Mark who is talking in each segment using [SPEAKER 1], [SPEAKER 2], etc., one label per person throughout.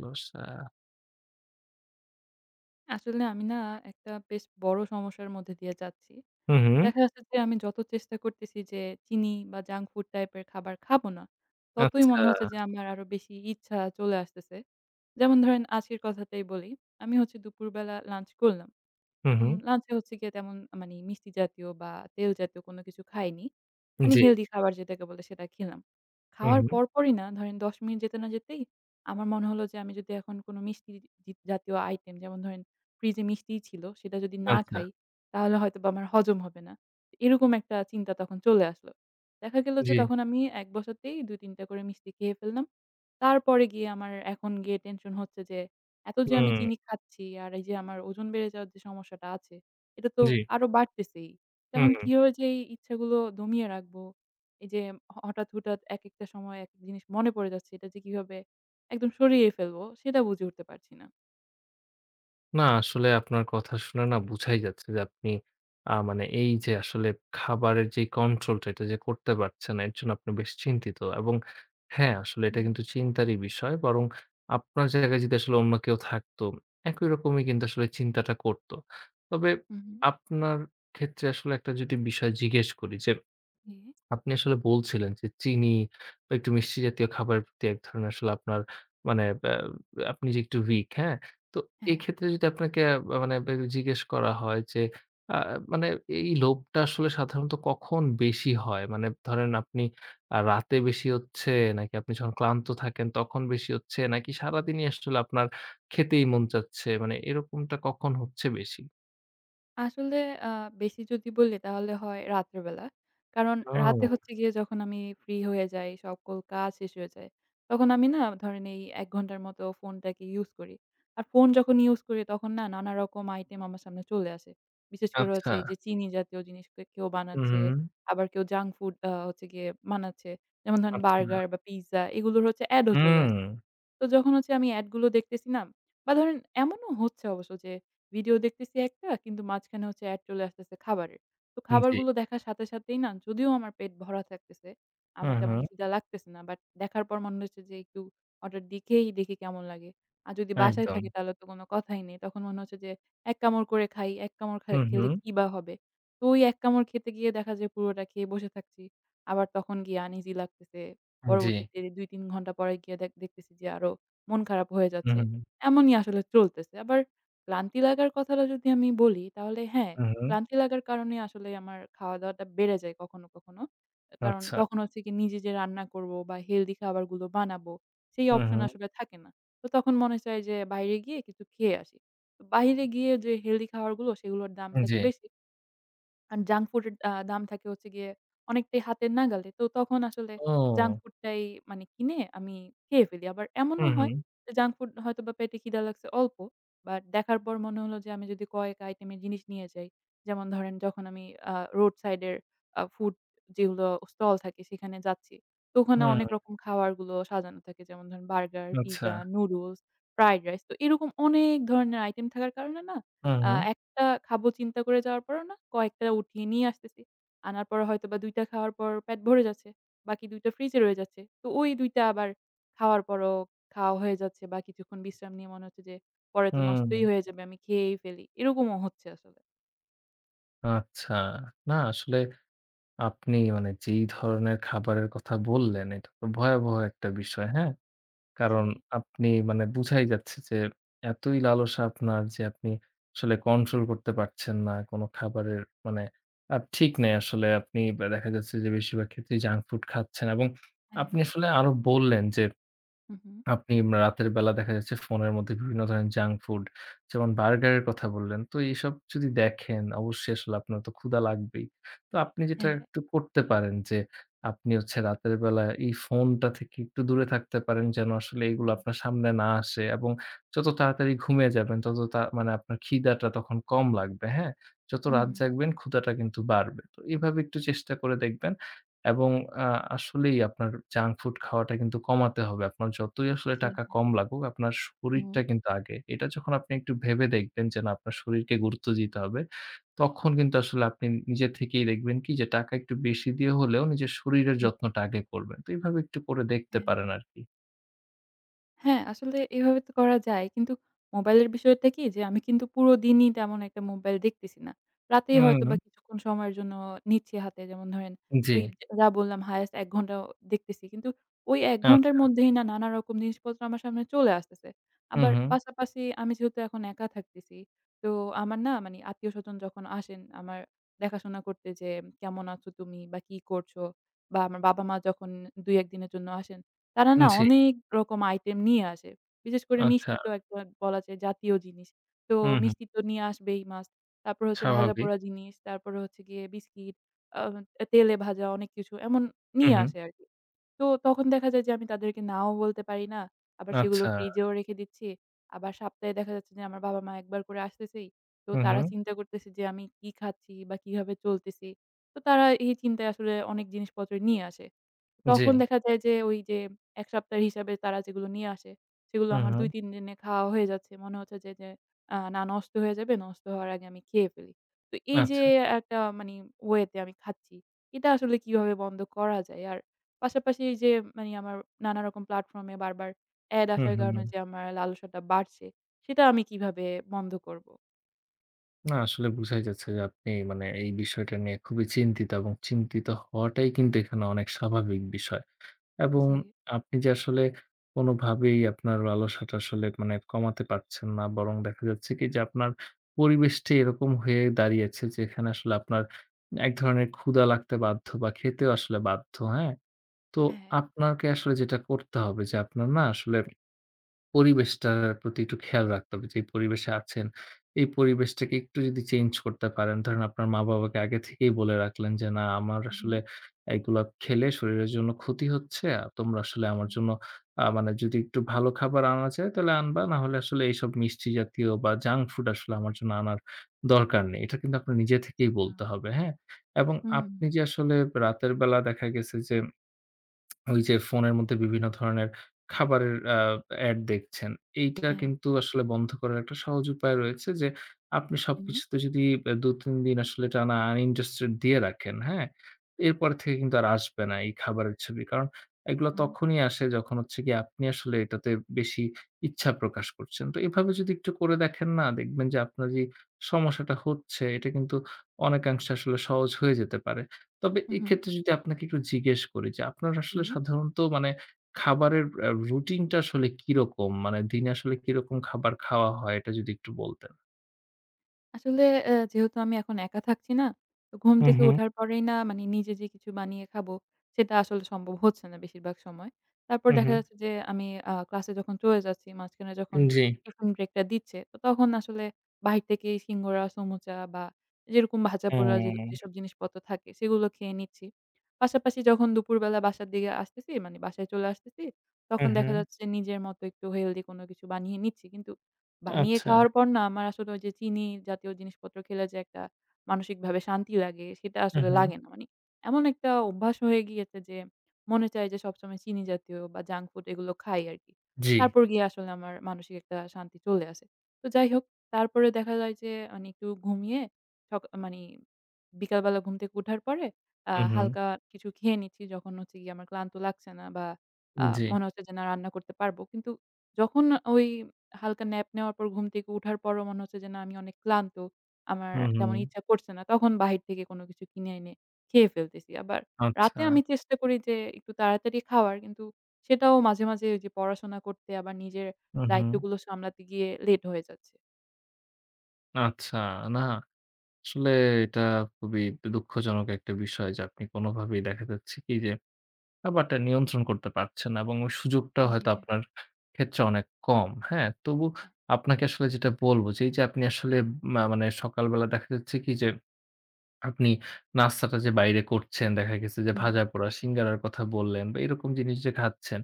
[SPEAKER 1] কি অবস্থা?
[SPEAKER 2] আসলে আমি না একটা বেশ বড় সমস্যার মধ্যে দিয়ে যাচ্ছি।
[SPEAKER 1] হুম, হুম।
[SPEAKER 2] দেখা যাচ্ছে যে আমি যত চেষ্টা করতেছি যে চিনি বা junk food type এর খাবার খাবো না, ততই
[SPEAKER 1] আচ্ছা।
[SPEAKER 2] মনে হচ্ছে যে আমার আরও বেশি ইচ্ছা চলে আসতেছে। যেমন ধরেন আজকের কথাটাই বলি। আমি হচ্ছে দুপুরবেলা lunch করলাম।
[SPEAKER 1] হুম,
[SPEAKER 2] উম
[SPEAKER 1] হুম।
[SPEAKER 2] lunch এ হচ্ছে গিয়ে তেমন মানে মিষ্টি জাতীয় বা তেল জাতীয় কোন কিছু খাইনি। মানে
[SPEAKER 1] জি।
[SPEAKER 2] healthy খাবার যেটাকে বলে সেটা খেলাম।
[SPEAKER 1] হুম,
[SPEAKER 2] খাওয়ার
[SPEAKER 1] হুম।
[SPEAKER 2] পরপরই না ধরেন ১০ মিনিট যেতে না যেতেই আমার মনে হলো যে আমি যদি এখন কোন মিষ্টি জ জাতীয় item যেমন ধরেন fridge এ মিষ্টি ছিল সেটা যদি না
[SPEAKER 1] আচ্ছা।
[SPEAKER 2] খাই, তাহলে হয়তোবা আমার হজম হবে না। এরকম একটা চিন্তা তখন চলে আসলো। দেখা গেল যে
[SPEAKER 1] জি।
[SPEAKER 2] তখন আমি এক বসাতেই ২ ৩ টা করে মিষ্টি খেয়ে ফেললাম। তারপরে গিয়ে আমার এখন গিয়ে tension হচ্ছে যে এত যে আমি
[SPEAKER 1] হুম।
[SPEAKER 2] চিনি খাচ্ছি, আর এই যে আমার ওজন বেড়ে যাওয়ার যে সমস্যাটা আছে। এটা তো
[SPEAKER 1] জি।
[SPEAKER 2] আরও বাড়তেছেই। তো এখন
[SPEAKER 1] হুম।
[SPEAKER 2] কিভাবে যে এই ইচ্ছাগুলো দমিয়ে রাখবো, এই যে হঠাৎ, হঠাৎ একেকটা সময়ে এক জিনিস মনে পড়ে যাচ্ছে এটা যে কিভাবে একদম সরিয়ে ফেলবো সেটা বুঝে উঠতে পারছি না।
[SPEAKER 1] না আসলে আপনার কথা শুনে না বুঝাই যাচ্ছে যে আপনি, আ মানে এই যে আসলে খাবারের যেই control টা এটা যে করতে পারছেন না এর জন্য আপনি বেশ চিন্তিত এবং হ্যাঁ আসলে এটা
[SPEAKER 2] হ্যাঁ।
[SPEAKER 1] কিন্তু চিন্তারই বিষয়। বরং আপনার জায়গায় যদি আসলে অন্য কেউ থাকতো একই রকমই কিন্তু আসলে চিন্তাটা করতো। তবে
[SPEAKER 2] হুম, হুম।
[SPEAKER 1] আপনার ক্ষেত্রে আসলে একটা যদি বিষয় জিজ্ঞেস করি যে,
[SPEAKER 2] জি, জি।
[SPEAKER 1] আপনি আসলে বলছিলেন যে চিনি বা একটু মিষ্টি জাতীয় খাবারের প্রতি এক ধরনের আসলে আপনার মানে, এ এ আপনি যে একটু weak, হ্যাঁ? তো
[SPEAKER 2] হ্যাঁ।
[SPEAKER 1] এক্ষেত্রে যদি আপনাকে মানে জিজ্ঞেস করা হয় যে, আ মানে এই লোভটা আসলে সাধারণত কখন বেশি হয়? মানে ধরেন আপনি আ রাতে বেশি হচ্ছে নাকি? আপনি যখন ক্লান্ত থাকেন তখন বেশি হচ্ছে নাকি সারাদিনই আসলে আপনার খেতেই মন চাচ্ছে, মানে এরকমটা কখন হচ্ছে বেশি?
[SPEAKER 2] আসলে আ বেশি যদি বলি তাহলে হয় রাত্রেবেলা। কারণ রাতে
[SPEAKER 1] তাই।
[SPEAKER 2] হচ্ছে গিয়ে যখন আমি free হয়ে যাই, সকল কাজ শেষ হয়ে যায়, তখন আমি না ধরেন এই ১ ঘণ্টার মতো phone টাকে use করি। আর phone যখন use করি তখন না নানা রকম item আমার সামনে চলে আসে। বিশেষ করে হচ্ছে এই যে
[SPEAKER 1] আচ্ছা।
[SPEAKER 2] চিনি জাতীয় জিনিস কেউ
[SPEAKER 1] হুম,
[SPEAKER 2] বানাচ্ছে
[SPEAKER 1] হুম।
[SPEAKER 2] আবার কেউ junk food আ হচ্ছে গিয়ে বানাচ্ছে। যেমন ধরেন burger
[SPEAKER 1] আচ্ছা।
[SPEAKER 2] বা pizza এগুলোর হচ্ছে ad ও চলে আসছে।
[SPEAKER 1] উম।
[SPEAKER 2] তো যখন হচ্ছে আমি ad গুলো দেখতেছি না? বা ধরেন এমনও হচ্ছে অবশ্য যে video দেখতেছি একটা কিন্তু মাঝখানে হচ্ছে ad চলে আসতেছে খাবারের। তো
[SPEAKER 1] জি।
[SPEAKER 2] খাবারগুলো দেখার সাথে সাথেই না যদিও আমার পেট ভরা থাকতেছে, আমার
[SPEAKER 1] হুম,
[SPEAKER 2] তেমন
[SPEAKER 1] হুম।
[SPEAKER 2] খিদা লাগতেছে না but দেখার পর মনে হচ্ছে যে একটু হঠাৎ দেখেই দেখি কেমন লাগে। আর যদি বাসায় থাকি
[SPEAKER 1] একদম।
[SPEAKER 2] তাহলে তো কোন কথাই নেই। তখন মনে হচ্ছে যে এক কামড় করে খাই, এক কামড় খা
[SPEAKER 1] হুম,
[SPEAKER 2] খেলে
[SPEAKER 1] হুম।
[SPEAKER 2] কি বা হবে? তো ওই এক কামড় খেতে গিয়ে দেখা যে পুরোটা খেয়ে বসে থাকছি। আবার তখন গিয়ে আনইজি লাগতেছে।
[SPEAKER 1] জি।
[SPEAKER 2] পরবর্তীতে ২ ৩ ঘণ্টা পরে গিয়ে দেখতেছি যে আরও মন খারাপ হয়ে
[SPEAKER 1] হু,
[SPEAKER 2] যাচ্ছে।
[SPEAKER 1] হু, হু।
[SPEAKER 2] এমনই আসলে চলতেছে। আবার ক্লান্তী লাগার কথাটা যদি আমি বলি তাহলে হ্যাঁ,
[SPEAKER 1] হুম, হুম।
[SPEAKER 2] ক্লান্তী লাগার কারণেই আসলে আমার খাওয়া-দাওয়াটা বেড়ে যায় কখনো, কখনো। কারণ
[SPEAKER 1] আচ্ছা।
[SPEAKER 2] তখন হচ্ছে গিয়ে নিজে যে রান্না করব বা healthy খাবারগুলো বানাবো সেই
[SPEAKER 1] হুম,
[SPEAKER 2] option
[SPEAKER 1] হুম।
[SPEAKER 2] আসলে থাকে না। তো তখন মনে চায় যে বাইরে গিয়ে কিছু খেয়ে আসি। তো বাইরে গিয়ে যে healthy খাবারগুলো সেগুলোর দাম
[SPEAKER 1] হুম,
[SPEAKER 2] থাকে
[SPEAKER 1] জি।
[SPEAKER 2] বেশি। আর junk food এর আ দাম থাকে হচ্ছে গিয়ে অনেকটাই হাতের নাগালে। তো তখন আসলে junk
[SPEAKER 1] ও!
[SPEAKER 2] food টাই মানে কিনে আমি খেয়ে ফেলি। আবার এমনও
[SPEAKER 1] হুম,
[SPEAKER 2] হয়
[SPEAKER 1] হুম।
[SPEAKER 2] junk food হয়তোবা পেটে খিদা লাগছে অল্প but দেখার পর মনে হলো যে আমি যদি কয়েকটা item এর জিনিস নিয়ে যাই। যেমন ধরেন যখন আমি আ road side এর আ food যেগুলো stall থাকে সেখানে যাচ্ছি। তো
[SPEAKER 1] হু,
[SPEAKER 2] ওখানে অনেক
[SPEAKER 1] হু।
[SPEAKER 2] রকম খাবারগুলো সাজানো থাকে। যেমন ধরেন burger, pizza,
[SPEAKER 1] আচ্ছা।
[SPEAKER 2] noodles, fried rice তো এরকম অনেক ধরনের item থাকার কারণে না
[SPEAKER 1] হুম,
[SPEAKER 2] আ
[SPEAKER 1] হুম।
[SPEAKER 2] একটা খাবো চিন্তা করে যাওয়ার পরও না কয়েকটা উঠিয়ে নিয়ে আসতেছি। আনার পর হয়তোবা ২ টা খাওয়ার পর পেট ভরে যাচ্ছে বাকি ২ টা fridge এ রয়ে যাচ্ছে। তো ওই ২ টা আবার খাওয়ার পরও খাওয়া হয়ে যাচ্ছে বা কিছুক্ষণ বিশ্রাম নিয়ে মনে হচ্ছে যে পরে তো
[SPEAKER 1] হুম, হুম।
[SPEAKER 2] নষ্টই হয়ে যাবে আমি খেয়েই ফেলি। এরকমও হচ্ছে আসলে।
[SPEAKER 1] আচ্ছা। না আসলে আপনি মানে যেই ধরনের খাবারের কথা বললেন, এটা তো ভয়াবহ একটা বিষয়, হ্যাঁ? কারণ
[SPEAKER 2] জি।
[SPEAKER 1] আপনি মানে বুঝাই যাচ্ছে যে এতই লালসা আপনার যে আপনি আসলে control করতে পারছেন না কোন খাবারের। মানে, আর ঠিক নেই আসলে আপনি ব্যা দেখা যাচ্ছে যে বেশিরভাগ ক্ষেত্রেই junk food খাচ্ছেন এবং
[SPEAKER 2] হ্যাঁ।
[SPEAKER 1] আপনি আসলে আরও বললেন যে
[SPEAKER 2] হু, হু।
[SPEAKER 1] আপনি রাতের বেলা দেখা যাচ্ছে ফোনের মধ্যে বিভিন্ন ধরনের junk food যেমন burger এর কথা বললেন। তো এসব যদি
[SPEAKER 2] জি।
[SPEAKER 1] দেখেন অবশ্যই আসলে আপনার তো ক্ষুধা লাগবেই। তো আপনি যেটা
[SPEAKER 2] হ্যাঁ।
[SPEAKER 1] একটু করতে পারেন যে আপনি হচ্ছে রাতের বেলা এই phone টা থেকে একটু দূরে থাকতে পারেন যেন আসলে এইগুলো
[SPEAKER 2] হুম।
[SPEAKER 1] আপনার সামনে না আসে এবং যত তাড়াতাড়ি ঘুমিয়ে যাবেন তত তা মানে আপনার খিদাটা তখন কম লাগবে, হ্যাঁ? যত
[SPEAKER 2] হুম।
[SPEAKER 1] রাত জাগবেন ক্ষুধাটা কিন্তু বাড়বে। তো এভাবে একটু চেষ্টা করে দেখবেন এবং আ আসলেই আপনার junk food খাওয়াটা কিন্তু কমাতে হবে। আপনার যতই আসলে
[SPEAKER 2] জি।
[SPEAKER 1] টাকা
[SPEAKER 2] হ্যাঁ।
[SPEAKER 1] কম লাগুক আপনার শরীরটা
[SPEAKER 2] হুম।
[SPEAKER 1] কিন্তু আগে। এটা যখন আপনি একটু ভেবে দেখবেন যে না আপনার শরীরকে গুরুত্ব দিতে হবে, তখন কিন্তু আসলে আপনি নিজে থেকেই দেখবেন কি যে টাকা একটু বেশি দিয়ে হলেও নিজের শরীরের
[SPEAKER 2] হুম।
[SPEAKER 1] যত্নটা আগে করবেন। তো এভাবে একটু করে দেখতে
[SPEAKER 2] হ্যাঁ,
[SPEAKER 1] পারেন আর
[SPEAKER 2] হ্যাঁ।
[SPEAKER 1] কি।
[SPEAKER 2] হ্যাঁ আসলে এভাবে তো করা যায় কিন্তু mobile এর বিষয়টা কী যে, আমি কিন্তু পুরো দিনই তেমন একটা mobile দেখতেছি না। রাতেই হয়তোবা
[SPEAKER 1] উম
[SPEAKER 2] কিছুক্ষণ সময়ের জন্য নিচ্ছি হাতে। যেমন ধরেন
[SPEAKER 1] উম জি।
[SPEAKER 2] ওই ওয়া বললাম highest ১ ঘণ্টা দেখতেছি কিন্তু ওই ১ ঘণ্টার
[SPEAKER 1] আচ্ছা।
[SPEAKER 2] মধ্যেই না, নানা রকম জিনিসপত্র আমার সামনে চলে আসতেছে।
[SPEAKER 1] উ
[SPEAKER 2] আবার
[SPEAKER 1] হুম।
[SPEAKER 2] পাশাপাশি আমি যেহেতু এখন একা থাকতেছি। তো আমার না মানে আত্মীয়-স্বজন যখন আসেন আমার দেখাশোনা করতে যে, "কেমন আছো তুমি বা কী করছো?" বা আমার বাবা-মা যখন ২,১ দিনের জন্য আসেন তারা
[SPEAKER 1] উম
[SPEAKER 2] না
[SPEAKER 1] জি।
[SPEAKER 2] অনেক রকম item নিয়ে আসে। বিশেষ করে
[SPEAKER 1] আচ্ছা।
[SPEAKER 2] মিষ্টি তো একটা বলা যায় জাতীয় জিনিস। তো
[SPEAKER 1] উম হুম।
[SPEAKER 2] মিষ্টি তো নিয়ে আসবেই, Must. তারপর হচ্ছে
[SPEAKER 1] স্বাভাবিক।
[SPEAKER 2] ভাজা-পোড়া জিনিস। তারপরে হচ্ছে গিয়ে biscuit, আ তেলে ভাজা অনেক কিছু এমন
[SPEAKER 1] উ
[SPEAKER 2] নিয়ে
[SPEAKER 1] হু।
[SPEAKER 2] আসে আরকি। তো তখন দেখা যায় যে, আমি তাদেরকে নাও বলতে পারি না। আবার সেগুলো
[SPEAKER 1] আচ্ছা।
[SPEAKER 2] fridge এও রেখে দিচ্ছি। আবার সপ্তাহে দেখা যাচ্ছে যে আমার বাবা-মা ১ বার করে আসতেছেই। তো
[SPEAKER 1] হু,
[SPEAKER 2] তারা
[SPEAKER 1] হুম।
[SPEAKER 2] চিন্তা করতেছে যে আমি কী খাচ্ছি বা কীভাবে চলতেছি। তো তারা এই চিন্তায় আসলে অনেক জিনিসপত্র নিয়ে আসে। তখন
[SPEAKER 1] জি।
[SPEAKER 2] দেখা যায় যে, ওই যে ১ সপ্তাহের হিসাবে তারা যেগুলো নিয়ে আসে সেগুলো
[SPEAKER 1] উ
[SPEAKER 2] আমার
[SPEAKER 1] হুম।
[SPEAKER 2] ২-৩ দিনে খাওয়া হয়ে যাচ্ছে। মনে হচ্ছে যে যে, আ নষ্ট হয়ে যাবে, নষ্ট হওয়ার আগে আমি খেয়ে ফেলি। তো এই যে
[SPEAKER 1] আচ্ছা।
[SPEAKER 2] একটা মানে way তে আমি খাচ্ছি, এটা আসলে কীভাবে বন্ধ করা যায়? আর পাশাপাশি এই যে মানে আমার নানারকম platform এ বারবার ad
[SPEAKER 1] হুম,
[SPEAKER 2] আসার
[SPEAKER 1] হুম।
[SPEAKER 2] কারণে যে আমার লালসাটা বাড়ছে সেটা আমি কীভাবে বন্ধ করবো?
[SPEAKER 1] না আসলে বুঝাই যাচ্ছে যে আপনি মানে এই বিষয়টা নিয়ে খুবই চিন্তিত এবং চিন্তিত হওয়াটাই কিন্তু এখানে অনেক স্বাভাবিক বিষয়। এবং
[SPEAKER 2] জি।
[SPEAKER 1] আপনি যে আসলে কোনোভাবেই আপনার লালসাটা আসলে মানে কমাতে পারছেন না বরং দেখা যাচ্ছে কী যে আপনার পরিবেশটি এরকম হয়ে দাঁড়িয়েছে যেখানে আসলে আপনার এক ধরনের ক্ষুধা লাগতে বাধ্য বা খেতেও আসলে বাধ্য, হ্যাঁ? তো
[SPEAKER 2] অ্যা হ্যাঁ।
[SPEAKER 1] আপনাকে আসলে যেটা করতে হবে যে আপনার না আসলে পরিবেশটার প্রতি একটু খেয়াল রাখতে হবে। যেই পরিবেশে আছেন এই পরিবেশটাকে একটু যদি change করতে পারেন। ধরেন আপনার মা-বাবাকে আগে থেকেই বলে রাখলেন যে না আমার
[SPEAKER 2] উম হুম।
[SPEAKER 1] আসলে এইগুলা খেলে শরীরের জন্য ক্ষতি হচ্ছে। তোমরা আসলে আমার
[SPEAKER 2] হুম।
[SPEAKER 1] জন্য আ মানে যদি একটু ভালো খাবার আনা যায় তাহলে আনবা না হলে আসলে এইসব মিষ্টি জাতীয় বা junk food আসলে আমার জন্য আনার দরকার নেই। এটার কিন্তু আপনার নিজে থেকেই
[SPEAKER 2] আচ্ছা।
[SPEAKER 1] বলতে হবে, হ্যাঁ? এবং
[SPEAKER 2] হুম।
[SPEAKER 1] আপনি যে আসলে রাতের বেলা দেখা গেছে যে ওই যে ফোনের মধ্যে বিভিন্ন ধরনের খাবারের অ্যা ad দেখছেন এইটা
[SPEAKER 2] অ্যাহে
[SPEAKER 1] কিন্তু আসলে বন্ধ করার একটা সহজ উপায় রয়েছে যে আপনি
[SPEAKER 2] উমহু।
[SPEAKER 1] সবকিছুতে যদি ব্যা দু, ৩ দিন আসলে টানা uninterested দিয়ে রাখেন, হ্যাঁ?
[SPEAKER 2] [unintelligible]
[SPEAKER 1] এরপর থেকে কিন্তু আর আসবে না এই খাবারের ছবি। কারণ এইগুলা
[SPEAKER 2] হুম।
[SPEAKER 1] তখনই আসে যখন হচ্ছে গিয়ে আপনি আসলে এটাতে বেশি ইচ্ছা প্রকাশ করছেন। তো এভাবে যদি একটু করে দেখেন না দেখবেন যে আপনার যে সমস্যাটা হচ্ছে এটা কিন্তু অনেকাংশে আসলে সহজ হয়ে যেতে পারে। তবে
[SPEAKER 2] উম হুম।
[SPEAKER 1] এক্ষেত্রে যদি আপনাকে একটু জিজ্ঞেস করি যে আপনার আসলে
[SPEAKER 2] ইহি
[SPEAKER 1] সাধারণত মানে খাবারের আ routine টা আসলে কিরকম? মানে দিনে আসলে কিরকম খাবার খাওয়া হয় এটা যদি একটু বলতেন।
[SPEAKER 2] আসলে এ যেহেতু আমি এখন একা থাকছি না, তো ঘুম
[SPEAKER 1] হুম,
[SPEAKER 2] থেকে
[SPEAKER 1] হুম।
[SPEAKER 2] ওঠার পরেই না মানে নিজে যে কিছু বানিয়ে খাবো সেটা আসলে সম্ভব হচ্ছে না বেশিরভাগ সময়। তারপর
[SPEAKER 1] হুম,
[SPEAKER 2] দেখা
[SPEAKER 1] হুম।
[SPEAKER 2] যাচ্ছে যে আমি আ ক্লাসে যখন চলে যাচ্ছি মাঝখানে যখন
[SPEAKER 1] উন জি।
[SPEAKER 2] টিফিন break টা দিচ্ছে তো তখন আসলে বাহির থেকেই সিঙ্গারা, সমোচা বা যেরকম ভাজা পোড়া যেল
[SPEAKER 1] অ্যা
[SPEAKER 2] যেসব জিনিসপত্র থাকে সেগুলো খেয়ে নিচ্ছি। পাশাপাশি যখন দুপুরবেলা বাসার দিকে আসতেছি মানে বাসায় চলে আসতেছি তখন দেখা
[SPEAKER 1] উহু।
[SPEAKER 2] যাচ্ছে নিজের মতো একটু healthy কোন কিছু বানিয়ে নিচ্ছি। কিন্তু বানিয়ে
[SPEAKER 1] আচ্ছা।
[SPEAKER 2] খাওয়ার পর না আমার আসলে ওই যে চিনি জাতীয় জিনিসপত্র খেলে যে একটা মানসিকভাবে শান্তি লাগে সেটা
[SPEAKER 1] উ
[SPEAKER 2] আসলে
[SPEAKER 1] হুম।
[SPEAKER 2] লাগে না। মানে এমন একটা অভ্যাস হয়ে গিয়েছে যে মনে চায় যে সবসময় চিনি জাতীয় বা junk food এগুলো খাই আরকি।
[SPEAKER 1] জি।
[SPEAKER 2] তারপর গিয়ে আসলে আমার মানসিক একটা শান্তি চলে আসে। তো যাই হোক তারপরে দেখা যায় যে মানে একটু ঘুমিয়ে সকা মানে বিকালবেলা ঘুম থেকে উঠার পরে অ্যা
[SPEAKER 1] উম হুম।
[SPEAKER 2] হালকা কিছু খেয়ে নিচ্ছি যখন হচ্ছে গিয়ে আমার ক্লান্ত লাগছে না বা আ
[SPEAKER 1] উন জি।
[SPEAKER 2] মনে হচ্ছে যে না রান্না করতে পারবো। কিন্তু যখন ওই হালকা nap নেওয়ার পর ঘুম থেকে উঠার পরও মনে হচ্ছে যে না আমি অনেক ক্লান্ত, আমার
[SPEAKER 1] হুম,
[SPEAKER 2] তেমন
[SPEAKER 1] হুম।
[SPEAKER 2] ইচ্ছা করছে না তখন বাহির থেকে কোন কিছু কিনে এনে খেয়ে ফেলতেছি। আবার রাতে
[SPEAKER 1] আচ্ছা।
[SPEAKER 2] আমি চেষ্টা করি যে একটু তাড়াতাড়ি খাওয়ার কিন্তু সেটাও মাঝে, মাঝে ওই যে পড়াশোনা করতে আবার নিজের
[SPEAKER 1] উম হুম।
[SPEAKER 2] দায়িত্বগুলো সামলাতে গিয়ে late হয়ে যাচ্ছে।
[SPEAKER 1] আচ্ছা, না আসলে এটা খুবই দুঃখজনক একটা বিষয়। যে আপনি কোনোভাবেই দেখা যাচ্ছে কি যে ব্যাপারটা নিয়ন্ত্রণ করতে পারছেন না এবং ওই সুযোগটা
[SPEAKER 2] জি
[SPEAKER 1] হয়তো
[SPEAKER 2] ভাইয়া।
[SPEAKER 1] আপনার ক্ষেত্রে অনেক কম, হ্যাঁ? তবু আপনাকে আসলে যেটা বলব যে এই যে আপনি আসলে মা মানে সকালবেলা দেখা যাচ্ছে কি যে আপনি নাস্তাটা যে বাইরে করছেন, দেখা গেছে যে
[SPEAKER 2] হুম।
[SPEAKER 1] ভাজাপোড়া, সিঙ্গাড়ার কথা বললেন বা এরকম জিনিস যে খাচ্ছেন,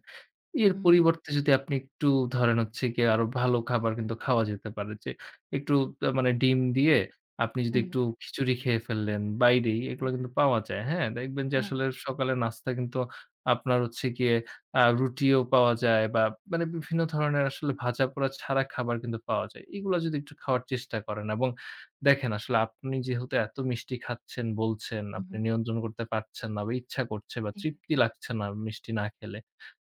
[SPEAKER 1] এর
[SPEAKER 2] উ, হুম।
[SPEAKER 1] পরিবর্তে যদি আপনি একটু ধরেন হচ্ছে গিয়ে আরও ভালো খাবার কিন্তু খাওয়া যেতে পারে। যে একটু মানে ডিম দিয়ে আপনি যদি
[SPEAKER 2] হুম।
[SPEAKER 1] একটু খিচুড়ি খেয়ে ফেললেন বাইরেই, এগুলা কিন্তু পাওয়া যায়, হ্যাঁ? দেখবেন যে আসলে
[SPEAKER 2] হ্যাঁ।
[SPEAKER 1] সকালে নাস্তায় কিন্তু আপনার হচ্ছে গিয়ে আ রুটিও পাওয়া যায় বা মানে বিভিন্ন ধরনের আসলে ভাজাপোড়া ছাড়া খাবার কিন্তু পাওয়া যায়। এগুলা যদি একটু খাওয়ার চেষ্টা করেন এবং দেখেন আসলে আপনি যেহেতু এত মিষ্টি খাচ্ছেন, বলছেন,
[SPEAKER 2] হুম,
[SPEAKER 1] আপনি
[SPEAKER 2] হুম।
[SPEAKER 1] নিয়ন্ত্রণ করতে পারছেন না বা ইচ্ছা করছে বা
[SPEAKER 2] হুম।
[SPEAKER 1] তৃপ্তি লাগছে না মিষ্টি না খেলে,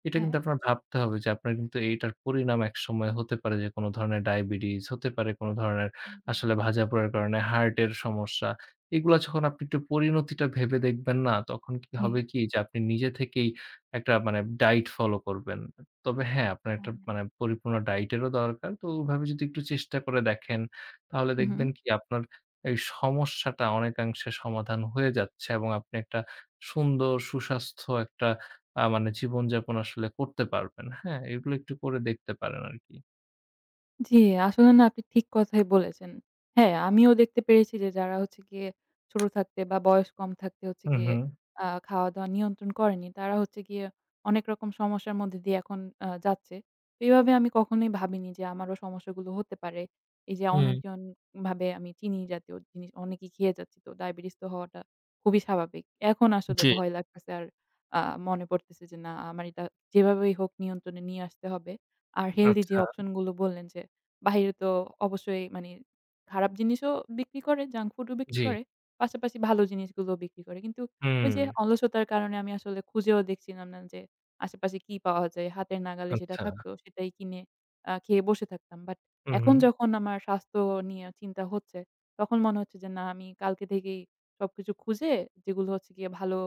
[SPEAKER 1] এটা কিন্তু
[SPEAKER 2] হ্যাঁ।
[SPEAKER 1] আপনার ভাবতে হবে যে আপনার কিন্তু এইটার পরিণাম একসময় হতে পারে যে কোন ধরনের diabetes, হতে পারে কোন ধরনের
[SPEAKER 2] হু, হু।
[SPEAKER 1] আসলে ভাজাপোড়ার কারণে heart এর সমস্যা। এগুলা যখন আপনি একটু পরিণতিটা ভেবে দেখবেন না তখন কি
[SPEAKER 2] জি।
[SPEAKER 1] হবে কি যে আপনি নিজে থেকেই একটা মানে diet follow করবেন। তবে হ্যাঁ, আপনার একটা
[SPEAKER 2] হ্যাঁ।
[SPEAKER 1] মানে পরিপূর্ণ diet এরও দরকার। তো ওইভাবে যদি একটু চেষ্টা করে দেখেন, তাহলে
[SPEAKER 2] হু, হু।
[SPEAKER 1] দেখবেন কি আপনার এই সমস্যাটা অনেকাংশে সমাধান হয়ে যাচ্ছে। এবং আপনি একটা সুন্দর সুস্বাস্থ্য একটা আ মানে জীবনযাপন আসলে করতে পারবেন, হ্যাঁ? এগুলো একটু করে দেখতে পারেন আর কি।
[SPEAKER 2] জি আসলে না আপনি ঠিক কথাই বলেছেন। হ্যাঁ, আমিও দেখতে পেরেছি যে যারা হচ্ছে গিয়ে ছোট থাকতে বা বয়স কম থাকতে হচ্ছে
[SPEAKER 1] হুম,
[SPEAKER 2] গিয়ে
[SPEAKER 1] হুম।
[SPEAKER 2] আ খাওয়া-দাওয়া নিয়ন্ত্রণ করেনি তারা হচ্ছে গিয়ে অনেক রকম সমস্যার মধ্য দিয়ে এখন আ যাচ্ছে। এইভাবে আমি কখনোই ভাবিনি যে আমারও সমস্যাগুলো হতে পারে। এই যে
[SPEAKER 1] হুম।
[SPEAKER 2] অনিয়ন্ত্রণ ভাবে আমি চিনি জাতীয় জিনিস অনেকই খেয়ে যাচ্ছি তো diabetes তো হওয়াটা খুবই স্বাভাবিক। এখন আসলে
[SPEAKER 1] জি।
[SPEAKER 2] ভয় লাগতেছে আর আ মনে পড়তেছে যে না আমার এটা যেভাবেই হোক নিয়ন্ত্রণে নিয়ে আসতে হবে। আর healthy যে
[SPEAKER 1] আচ্ছা।
[SPEAKER 2] option গুলো বললেন যে বাহিরে তো অবশ্যই মানে খারাপ জিনিসও বিক্রি করে junk food ও বিক্রি
[SPEAKER 1] জি।
[SPEAKER 2] করে পাশাপাশি ভালো জিনিসগুলোও বিক্রি করে। কিন্তু ওই যে
[SPEAKER 1] হুম।
[SPEAKER 2] অলসতার কারণে আমি আসলে খুঁজেও দেখছিলাম না যে, আশেপাশে কি পাওয়া যায়। হাতের নাগালে যেটা
[SPEAKER 1] আচ্ছা।
[SPEAKER 2] থাকত সেটাই কিনে আ খেয়ে বসে থাকতাম। But
[SPEAKER 1] হু,
[SPEAKER 2] এখন
[SPEAKER 1] হু।
[SPEAKER 2] যখন আমার স্বাস্থ্য নিয়ে চিন্তা হচ্ছে তখন মনে হচ্ছে যে না আমি কালকে থেকেই সবকিছু খুঁজে যেগুলো হচ্ছে গিয়ে ভালো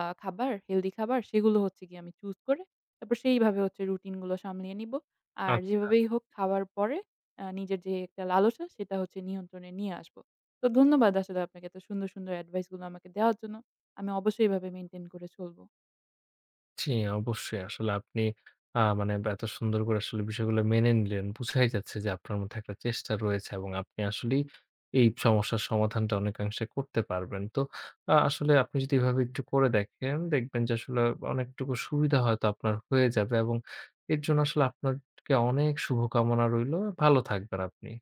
[SPEAKER 2] আ খাবার healthy খাবার সেগুলো হচ্ছে গিয়ে আমি choose করে তারপর সেইভাবে হচ্ছে routine গুলো সামলে নিব। আর
[SPEAKER 1] আচ্ছা।
[SPEAKER 2] যেভাবেই হোক খাওয়ার পরে আ নিজের যে একটা লালসা সেটা হচ্ছে নিয়ন্ত্রণে নিয়ে আসব। তো ধন্যবাদ আসলে আপনাকে এত সুন্দর, সুন্দর advice গুলো আমাকে দেওয়ার জন্য। আমি অবশ্যই এভাবে maintain করে চলব।
[SPEAKER 1] জি, অবশ্যই আসলে আপনি আ মানে এত সুন্দর করে আসলে বিষয়গুলো মেনে নিলেন। বুঝাই যাচ্ছে যে আপনার মধ্যে একটা চেষ্টা রয়েছে। এবং আপনি আসলেই এই সমস্যার সমাধানটা অনেকাংশে করতে পারবেন। তো আ আসলে আপনি যদি এভাবে একটু করে দেখেন দেখবেন যে আসলে অনেকটুকু সুবিধা হয়তো আপনার হয়ে যাবে। এবং এর জন্য আসলে আপনার কে অনেক শুভকামনা রইল। ভালো থাকবেন আপনি।